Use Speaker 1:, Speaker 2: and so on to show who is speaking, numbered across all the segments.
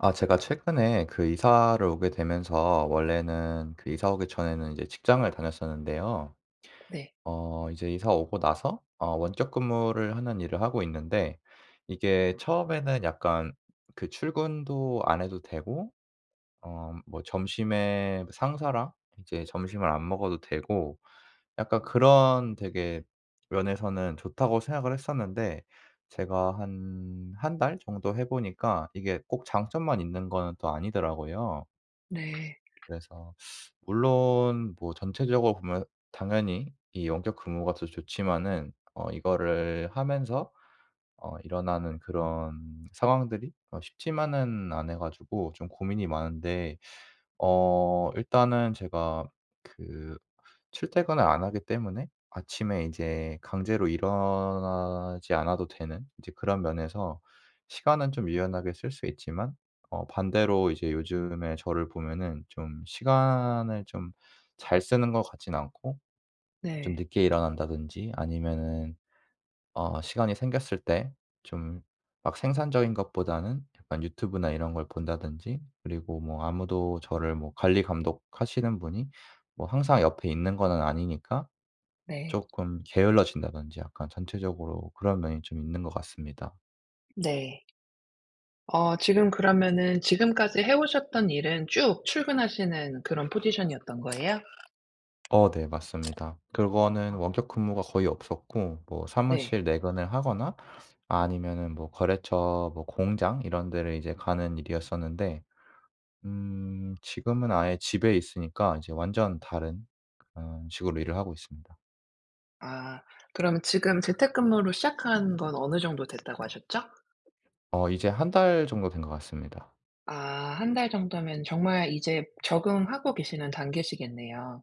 Speaker 1: 아 제가 최근에 그 이사를 오게 되면서 원래는 그 이사 오기 전에는 이제 직장을 다녔었는데요.
Speaker 2: 네.
Speaker 1: 어 이제 이사 오고 나서 어 원격근무를 하는 일을 하고 있는데 이게 처음에는 약간 그 출근도 안 해도 되고 어 음 뭐 점심에 상사랑 이제 점심을 안 먹어도 되고 약간 '그런 되게 면에서는 좋다.'고 생각을 했었는데 제가 한 1 달 정도 해 보니까 이게 꼭 장점만 있는 거는 또 아니더라고요.
Speaker 2: 네.
Speaker 1: 그래서 물론 뭐 전체적으로 보면 당연히 이 원격 근무가 더 좋지만은 어 이거를 하면서 어 일어나는 그런 상황들이 어 쉽지만은 않아 가지고 좀 고민이 많은데 어 일단은 제가 그 출퇴근을 안 하기 때문에 아침에 이제 강제로 일어나지 않아도 되는 이제 그런 면에서 시간은 좀 유연하게 쓸 수 있지만 어 반대로 이제 요즘에 저를 보면은 좀 시간을 좀 잘 쓰는 것 같진 않고 좀
Speaker 2: 네.
Speaker 1: 늦게 일어난다든지 아니면은 어 시간이 생겼을 때 좀 막 생산적인 것보다는 약간 유튜브나 이런 걸 본다든지 그리고 뭐 아무도 저를 뭐 관리 감독하시는 분이 뭐 항상 옆에 있는 거는 아니니까
Speaker 2: 네.
Speaker 1: 쪼끔 게을러진다든지 약간 전체적으로 그런 면이 좀 있는 것 같습니다.
Speaker 2: 네. 어 지금 그러면은 지금까지 해 오셨던 일은 쭉 출근하시는 그런 포지션이었던 거예요?
Speaker 1: 어 네. 맞습니다. 그거는 원격 근무가 거의 없었고 뭐
Speaker 2: 네.
Speaker 1: 사무실 내근을 하거나 아니면은 뭐 거래처 뭐 공장 이런 데를 이제 가는 일이었었는데 음 지금은 아예 집에 있으니까 이제 완전 다른 그런 식으로 일을 하고 있습니다.
Speaker 2: 아 그러면 지금 재택근무를 시작한 건 어느 정도 됐다고 하셨죠?
Speaker 1: 어 이제 1 달 정도 된 것 같습니다.
Speaker 2: 아 1 달 정도면 정말 이제 적응하고 계시는 단계시겠네요.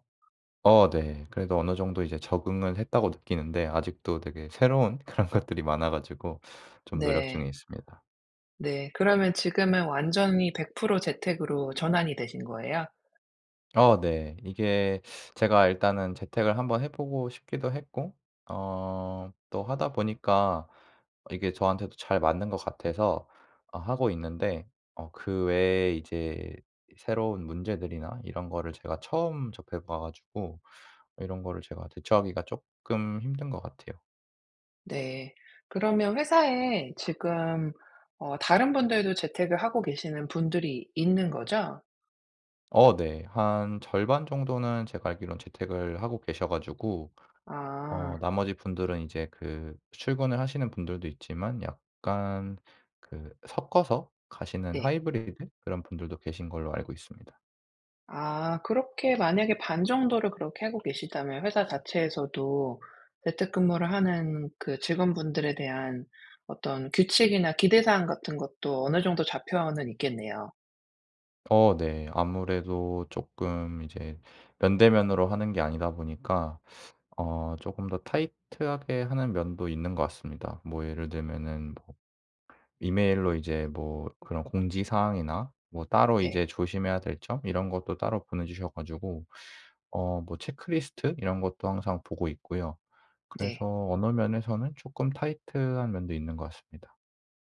Speaker 1: 어 네. 그래도 어느 정도 이제 적응을 했다고 느끼는데 아직도 되게 새로운 그런 것들이 많아 가지고 좀 노력 중에
Speaker 2: 네.
Speaker 1: 있습니다.
Speaker 2: 네. 그러면 지금은 완전히 100% 재택으로 전환이 되신 거예요?
Speaker 1: 어 네. 이게 제가 일단은 재택을 한번 해보고 싶기도 했고 어 또 하다 보니까 이게 저한테도 잘 맞는 것 같아서 어 하고 있는데 어 그 외에 이제 새로운 문제들이나 이런 거를 제가 처음 접해 봐 가지고 이런 거를 제가 대처하기가 쪼끔 힘든 것 같아요.
Speaker 2: 네. 그러면 회사에 지금 어 다른 분들도 재택을 하고 계시는 분들이 있는 거죠?
Speaker 1: 어 네. 한 절반 정도는 제가 알기론 재택을 하고 계셔 가지고 어
Speaker 2: 아
Speaker 1: 나머지 분들은 이제 그 출근을 하시는 분들도 있지만 약간 그 섞어서 가시는
Speaker 2: 네.
Speaker 1: 하이브리드 그런 분들도 계신 걸로 알고 있습니다.
Speaker 2: 아. 그렇게 만약에 반 정도를 그렇게 하고 계시다면 회사 자체에서도 재택근무를 하는 그 직원분들에 대한 어떤 규칙이나 기대 사항 같은 것도 어느 정도 잡혀는 있겠네요.
Speaker 1: 어 네. 아무래도 쪼끔 이제 면대 면으로 하는 게 아니다 보니까 어 쪼끔 더 타이트 하게 하는 면도 있는 것 같습니다. 뭐 예를 들면은 뭐 이메일로 이제 뭐 그런 공지사항이나 뭐 따로
Speaker 2: 네.
Speaker 1: 이제 조심해야 될 점 이런 것도 따로 보내 주셔 가지고 어 뭐 체크리스트 이런 것도 항상 보고 있고요.
Speaker 2: 네.
Speaker 1: 그래서 어느 면에서는 쪼끔 타이트 한 면도 있는 것 같습니다.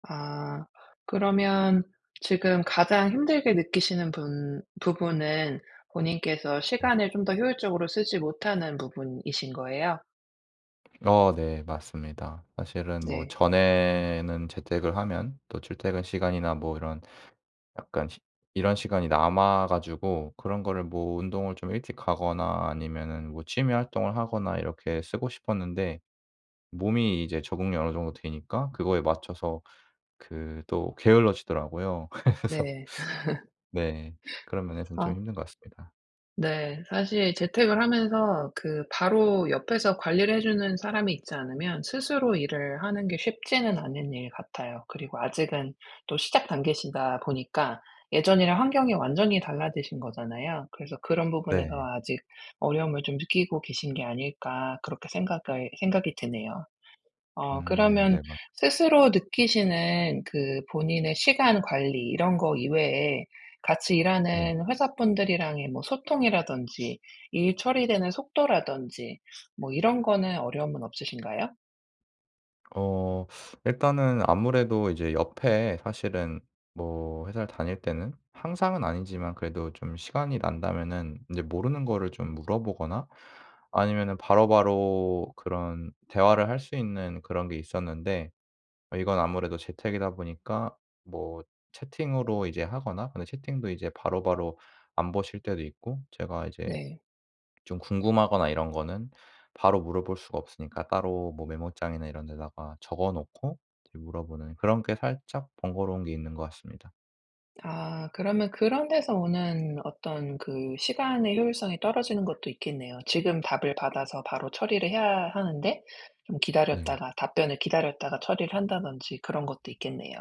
Speaker 2: 아. 그러면 지금 가장 힘들게 느끼시는 분 부분은 본인께서 시간을 좀 더 효율적으로 쓰지 못하는 부분이신 거예요?
Speaker 1: 어 네. 맞습니다. 사실은 뭐
Speaker 2: 네.
Speaker 1: 전에는 재택을 하면 또 출퇴근 시간이나 뭐 이런 시 약간 이런 시간이 남아 가지고 그런 거를 뭐 운동을 좀 일찍 가거나 아니면은 뭐 취미 활동을 하거나 이렇게 쓰고 싶었는데 몸이 이제 적응이 어느 정도 되니까 그거에 맞춰서 그 또 게을러지더라고요. 그래서
Speaker 2: 네.
Speaker 1: 네 그런 면에서는 좀
Speaker 2: 아
Speaker 1: 힘든 것 같습니다.
Speaker 2: 네. 사실 재택을 하면서 그 바로 옆에서 관리를 해 주는 사람이 있지 않으면 스스로 일을 하는 게 쉽지는 않은 일 같아요. 그리고 아직은 또 시작 단계시다 보니까 예전이랑 환경이 완전히 달라지신 거잖아요. 그래서 '그런 부분에서
Speaker 1: 네.
Speaker 2: 아직 어려움을 좀 느끼고 계신 게 아닐까.' 그렇게 생각을 생각이 드네요. 어
Speaker 1: 음.
Speaker 2: 그러면
Speaker 1: 네 맞아요.
Speaker 2: 스스로 느끼시는 그 본인의 시간 관리 이런 거 이외에 같이
Speaker 1: 네.
Speaker 2: 일하는 회사 분들이랑의 뭐 소통이라든지 일 처리되는 속도라든지 뭐 이런 거는 어려움은 없으신가요?
Speaker 1: 어 일단은 아무래도 이제 옆에 사실은 뭐 회사를 다닐 때는 항상은 아니지만 그래도 좀 시간이 난다면은 인제 모르는 거를 좀 물어보거나 아니면은 바로바로 그런 대화를 할 수 있는 그런 게 있었는데 이건 아무래도 재택이다 보니까 뭐 채팅으로 이제 하거나 근데 채팅도 이제 바로바로 안 보실 때도 있고 제가 이제
Speaker 2: 네.
Speaker 1: 좀 궁금하거나 이런 거는 바로 물어볼 수가 없으니까 따로 뭐 메모장이나 이런 데다가 적어 놓고 이제 물어보는 그런 게 살짝 번거로운 게 있는 것 같습니다.
Speaker 2: 아. 그러면 그런 데서 오는 어떤 그 시간의 효율성이 떨어지는 것도 있겠네요. 지금 답을 받아서 바로 처리를 해야 하는데 좀
Speaker 1: 네.
Speaker 2: 기다렸다가 답변을 기다렸다가 처리를 한다든지 그런 것도 있겠네요.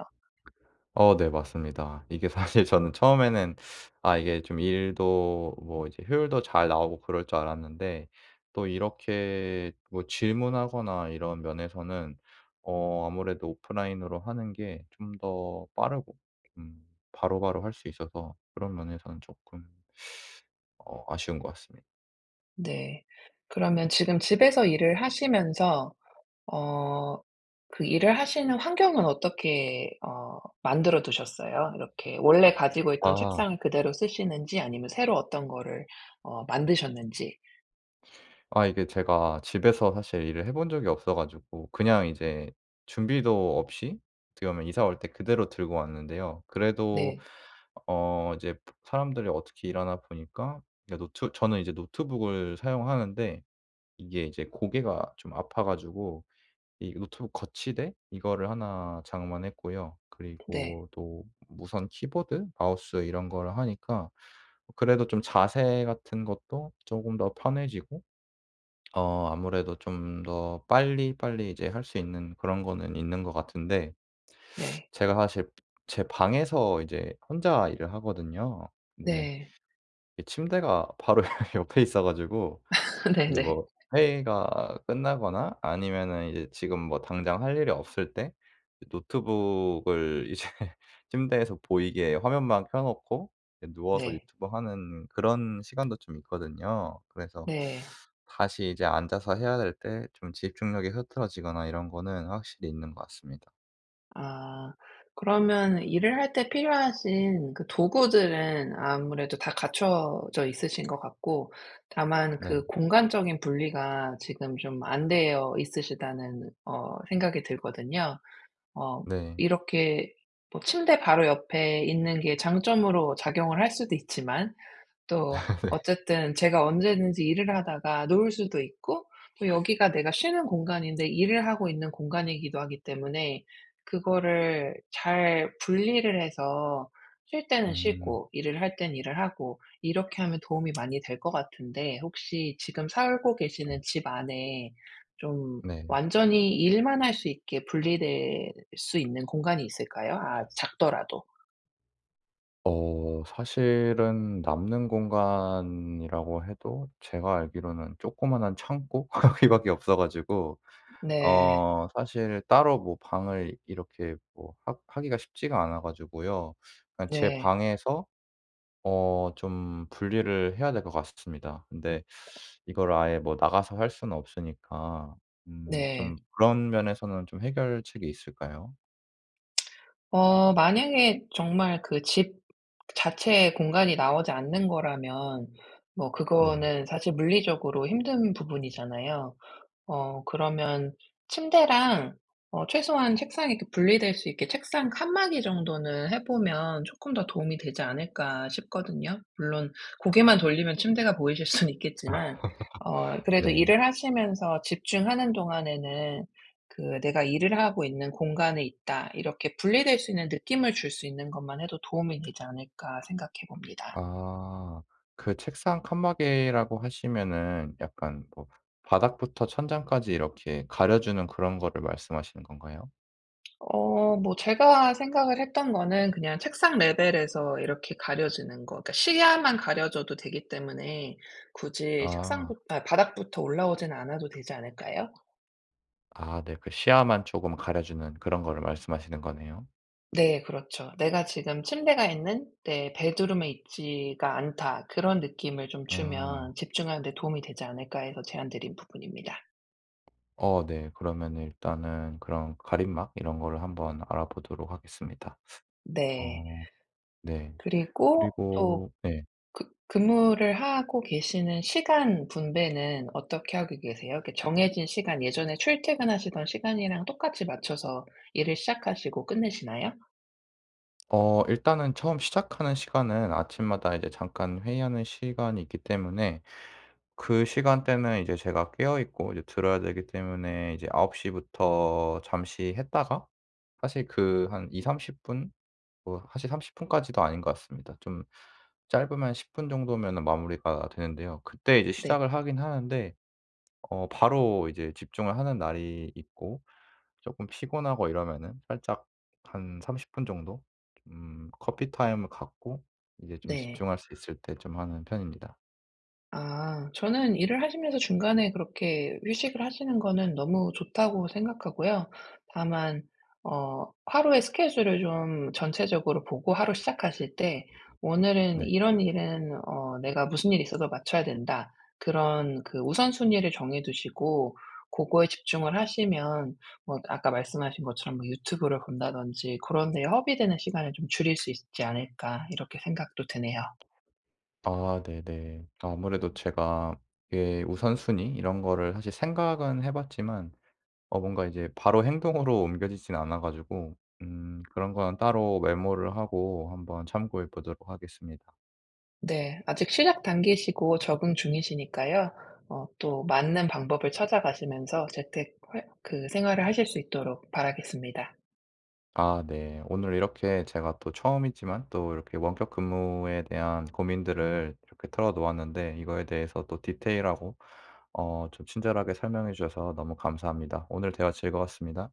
Speaker 1: 어 네, 맞습니다. 이게 사실 저는 처음에는 아 이게 좀 일도 뭐 이제 효율도 잘 나오고 그럴 줄 알았는데 또 이렇게 뭐 질문하거나 이런 면에서는 어 아무래도 오프라인으로 하는 게 좀 더 빠르고 음 바로바로 할 수 있어서 그런 면에서는 쪼끔 어 아쉬운 것 같습니다.
Speaker 2: 네. 그러면 지금 집에서 일을 하시면서 어 그 일을 하시는 환경은 어떻게 어 만들어 두셨어요? 이렇게 원래 가지고 있던
Speaker 1: 아.
Speaker 2: 책상을 그대로 쓰시는지 아니면 새로 어떤 거를 어 만드셨는지.
Speaker 1: 아 이게 제가 집에서 사실 일을 해 본 적이 없어 가지고 그냥 이제 준비도 없이? 어떻게 보면 이사 올 때 그대로 들고 왔는데요. 그래도
Speaker 2: 네.
Speaker 1: 어 이제 브 사람들이 어떻게 일하나 보니까 이제 노트 저는 이제 노트북을 사용하는데 이게 이제 고개가 좀 아파 가지고 이 노트북 거치대? 이거를 1 장만했고요.
Speaker 2: 네.
Speaker 1: 그리고 또 무선 키보드 마우스 이런 거를 하니까 그래도 좀 자세 같은 것도 쪼금 더 편해지고 어 아무래도 좀 더 빨리빨리 이제 할 수 있는 그런 거는 있는 것 같은데
Speaker 2: 네.
Speaker 1: 제가 사실 제 방에서 이제 혼자 일을 하거든요. 근데
Speaker 2: 네.
Speaker 1: 이 침대가 바로 여 옆에 있어 가지고
Speaker 2: 네
Speaker 1: 인제
Speaker 2: 네.
Speaker 1: 뭐 회의가 끝나거나 아니면은 이제 지금 뭐 당장 할 일이 없을 때 이 노트북을 이제 침대에서 보이게 화면만 켜 놓고 이 누워서
Speaker 2: 네.
Speaker 1: 유튜브 하는 그런 시간도 좀 있거든요. 그래서
Speaker 2: 네.
Speaker 1: 다시 이제 앉아서 해야 될 때 좀 집중력이 흐트러지거나 이런 거는 확실히 있는 것 같습니다.
Speaker 2: 아. 그러면 일을 할 때 필요하신 그 도구들은 아무래도 다 갖춰져 있으신 것 같고 다만
Speaker 1: 네.
Speaker 2: 그 '공간적인 분리가 지금 좀 안 되어 있으시다.'는 어 생각이 들거든요. 어
Speaker 1: 네.
Speaker 2: 이렇게 뭐 침대 바로 옆에 있는 게 장점으로 작용을 할 수도 있지만 또
Speaker 1: 네.
Speaker 2: 어쨌든 제가 언제든지 일을 하다가 누울 수도 있고 또 여기가 내가 쉬는 공간인데 일을 하고 있는 공간이기도 하기 때문에 그거를 잘 분리를 해서 쉴 때는
Speaker 1: 음.
Speaker 2: 쉬고 일을 할 때는 일을 하고 이렇게 하면 도움이 많이 될 것 같은데 혹시 지금 살고
Speaker 1: 네.
Speaker 2: 계시는 집 안에 좀
Speaker 1: 네.
Speaker 2: 완전히 일만 할 수 있게 분리될 수 있는 공간이 있을까요? 아 작더라도.
Speaker 1: 어. 사실은 남는 공간이라고 해도 제가 알기로는 조그마한 창고 거기 밖에 없어 가지고
Speaker 2: 음 네.
Speaker 1: 어 사실 따로 뭐 방을 이렇게 뭐 하 하기가 쉽지가 않아 가지고요. 그냥 제
Speaker 2: 네.
Speaker 1: 방에서 어 좀 분리를 해야 될 것 같스 습니다. 근데 이거를 아예 뭐 나가서 할 수는 없으니까 음
Speaker 2: 네.
Speaker 1: 좀 그런 면에서는 좀 해결책이 있을까요?
Speaker 2: 어 만약에 정말 그 집 자체에 공간이 나오지 않는 거라면 뭐
Speaker 1: 네.
Speaker 2: 그거는 사실 물리적으로 힘든 부분이잖아요. 어 그러면 침대랑 어 최소한 책상이 이 분리될 수 있게 책상 칸막이 정도는 해 보면 '쪼끔 더 도움이 되지 않을까?' 싶거든요. 물론 고개만 돌리면 침대가 보이실 수는 있겠지만 어 그래도
Speaker 1: 네.
Speaker 2: 일을 하시면서 집중하는 동안에는 그 '내가 일을 하고 있는 공간에 있다.' 이렇게 분리될 수 있는 느낌을 줄 수 있는 것만 해도 '도움이 되지 않을까.' 생각해 봅니다.
Speaker 1: 아 그 책상 칸막이라고 하시면은 약간 뭐 바닥부터 천장까지 이렇게 가려 주는 그런 거를 말씀하시는 건가요?
Speaker 2: 어 뭐 제가 생각을 했던 거는 그냥 책상 레벨에서 이렇게 가려지는 거 그니까 시야만 가려져도 되기 때문에 굳이
Speaker 1: 아.
Speaker 2: 책상부 아 바닥부터 올라오진 않아도 되지 않을까요?
Speaker 1: 아 네 그 시야만 쪼금 가려 주는 그런 거를 말씀하시는 거네요.
Speaker 2: 네 그렇죠. '내가 지금 침대가 있는 내 베드룸에 있지가 않다.' 그런 느낌을 좀 주면
Speaker 1: 음.
Speaker 2: '집중하는 데 도움이 되지 않을까.' 해서 제안 드린 부분입니다.
Speaker 1: 어 네. 그러면은 일단은 그런 가림막 이런 거를 한번 알아보도록 하겠습니다.
Speaker 2: 네.
Speaker 1: 어 네.
Speaker 2: 그리고 또
Speaker 1: 그리고 예.
Speaker 2: 그 근무를 하고 계시는 시간 분배는 어떻게 하고 계세요? 이렇게 정해진 시간 예전에 출퇴근하시던 시간이랑 똑같이 맞춰서 일을 시작하시고 끝내시나요?
Speaker 1: 어 일단은 처음 시작하는 시간은 아침마다 이제 잠깐 회의하는 시간이 있기 때문에 그 시간대는 이제 제가 깨어 있고 이제 들어야 되기 때문에 이제 9 시부터 잠시 했다가 사실 그 한 20-30 분 뭐 사실 30 분까지도 아닌 것 같습니다. 좀 짧으면 10 분 정도면은 마무리가 되는데요. 그때 이제
Speaker 2: 네.
Speaker 1: 시작을 하긴 하는데 어 바로 이제 집중을 하는 날이 있고 쪼끔 피곤하고 이러면은 살짝 한 30 분 정도 음 커피 타임을 갖고 이제 좀
Speaker 2: 네.
Speaker 1: 집중할 수 있을 때 좀 하는 편입니다.
Speaker 2: 아. 저는 일을 하시면서 중간에 그렇게 휴식을 하시는 거는 너무 좋다고 생각하고요. 다만 어 '하루에 스케줄을 좀 전체적으로 보고 하루 시작하실 때 '오늘은
Speaker 1: 네.
Speaker 2: 이런 일은 어 내가 무슨 일이 있어도 마쳐야 된다.' 그런 그 우선순위를 정해 두시고 고거에 집중을 하시면 뭐 아까 말씀하신 것처럼 유튜브를 본다든지 그런 데에 허비되는 시간을 좀 줄일 수 있지 않을까?' 이렇게 생각도 드네요.
Speaker 1: 아 네네. 아무래도 제가 예 우선순위 이런 거를 사실 생각은 해 봤지만 어 뭔가 이제 바로 행동으로 옮겨지지는 않아 가지고 음 그런 건 따로 메모를 하고 한번 참고해 보도록 하겠습니다.
Speaker 2: 네. 아직 시작 단계시고 적응 중이시니까요. 어 또 맞는 방법을 찾아 가시면서 재택 활 그 생활을 하실 수 있도록 바라겠습니다.
Speaker 1: 아 네. 오늘 이렇게 제가 또 처음이지만 또 이렇게 원격 근무에 대한 고민들을 이렇게 털어 놓았는데 이거에 대해서 또 디테일하고 어 좀 친절하게 설명해 주셔서 너무 감사합니다. 오늘 대화 즐거웠습니다.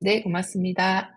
Speaker 2: 네. 고맙습니다.